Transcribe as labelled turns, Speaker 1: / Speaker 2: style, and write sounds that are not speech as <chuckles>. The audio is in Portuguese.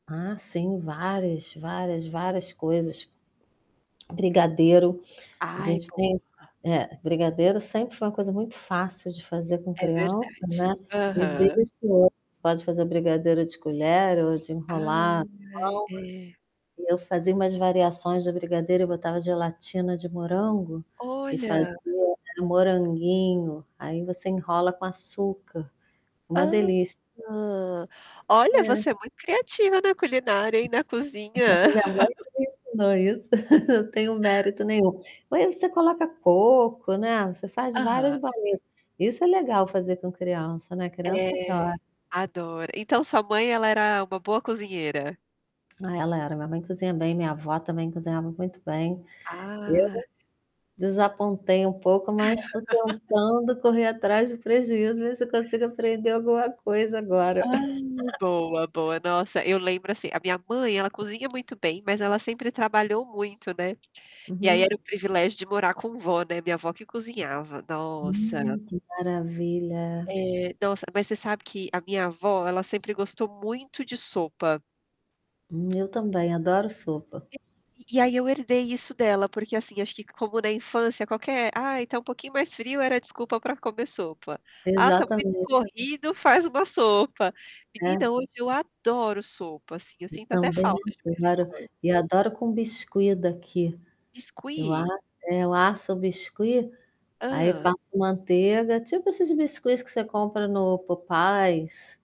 Speaker 1: Ah, sim, várias, várias, várias coisas brigadeiro, a
Speaker 2: Ai,
Speaker 1: gente tem
Speaker 2: boa!
Speaker 1: É, brigadeiro sempre foi uma coisa muito fácil de fazer com
Speaker 2: É
Speaker 1: criança,
Speaker 2: verdade.
Speaker 1: né, e
Speaker 2: Aham.
Speaker 1: desde <unintelligible> você pode fazer brigadeiro de colher ou de enrolar
Speaker 2: Ai, é.
Speaker 1: mão, e eu fazia umas variações de brigadeiro e botava gelatina de morango, e fazia
Speaker 2: Olha!
Speaker 1: era um moranguinho, aí, você enrola com açúcar, uma delícia.
Speaker 2: Hã. Olha, você
Speaker 1: É.
Speaker 2: é muito criativa na culinária e na cozinha.
Speaker 1: <chuckles> Minha mãe
Speaker 2: <laughs>
Speaker 1: que me ensinou isso, <chuckles> não tenho mérito nenhum. Ué, você coloca pouco, né, você faz várias
Speaker 2: Aham.
Speaker 1: bolinhas. Isso é legal fazer com criança, né, criança
Speaker 2: É,
Speaker 1: adora.
Speaker 2: adoro. Então sua mãe ela era uma boa cozinheira?
Speaker 1: Ela era, minha mãe cozinha bem, minha avó também cozinhava muito bem.
Speaker 2: Ah.
Speaker 1: Eu desapontei um pouco, mas estou
Speaker 2: <laughs>
Speaker 1: tentando correr atrás do prejuízo, ver se eu consigo aprender alguma coisa agora.
Speaker 2: Ai, boa, boa.
Speaker 1: <laughs>
Speaker 2: Nossa, eu lembro, assim, a minha mãe, ela cozinha muito bem, mas ela sempre trabalhou muito, né, e aí, era
Speaker 1: Uhum.
Speaker 2: o privilégio de morar com vó, né, minha vó que cozinhava, nossa!
Speaker 1: Hum, que maravilha!
Speaker 2: É. Nossa, mas você sabe que a minha vó, ela sempre gostou muito de sopa.
Speaker 1: Hum. Eu também adoro sopa.
Speaker 2: E e aí, eu herdei isso dela, porque, assim, acho que como na infância qualquer: "Ai, está um pouquinho mais frio.", era desculpa para comer sopa, "Ah, está muito
Speaker 1: Exatamente.
Speaker 2: corrido.", faz uma sopa.
Speaker 1: É.
Speaker 2: Menina, hoje eu adoro sopa, assim, eu
Speaker 1: Eu
Speaker 2: sinto até
Speaker 1: também
Speaker 2: falta de vez em
Speaker 1: adoro,
Speaker 2: quando.
Speaker 1: e adoro com biscuit daqui. Eu a
Speaker 2: Biscuit?
Speaker 1: é, eu asso o biscuit, aí
Speaker 2: Hã.
Speaker 1: passo manteiga, tipo esses biscuits que você compra no Popeyes.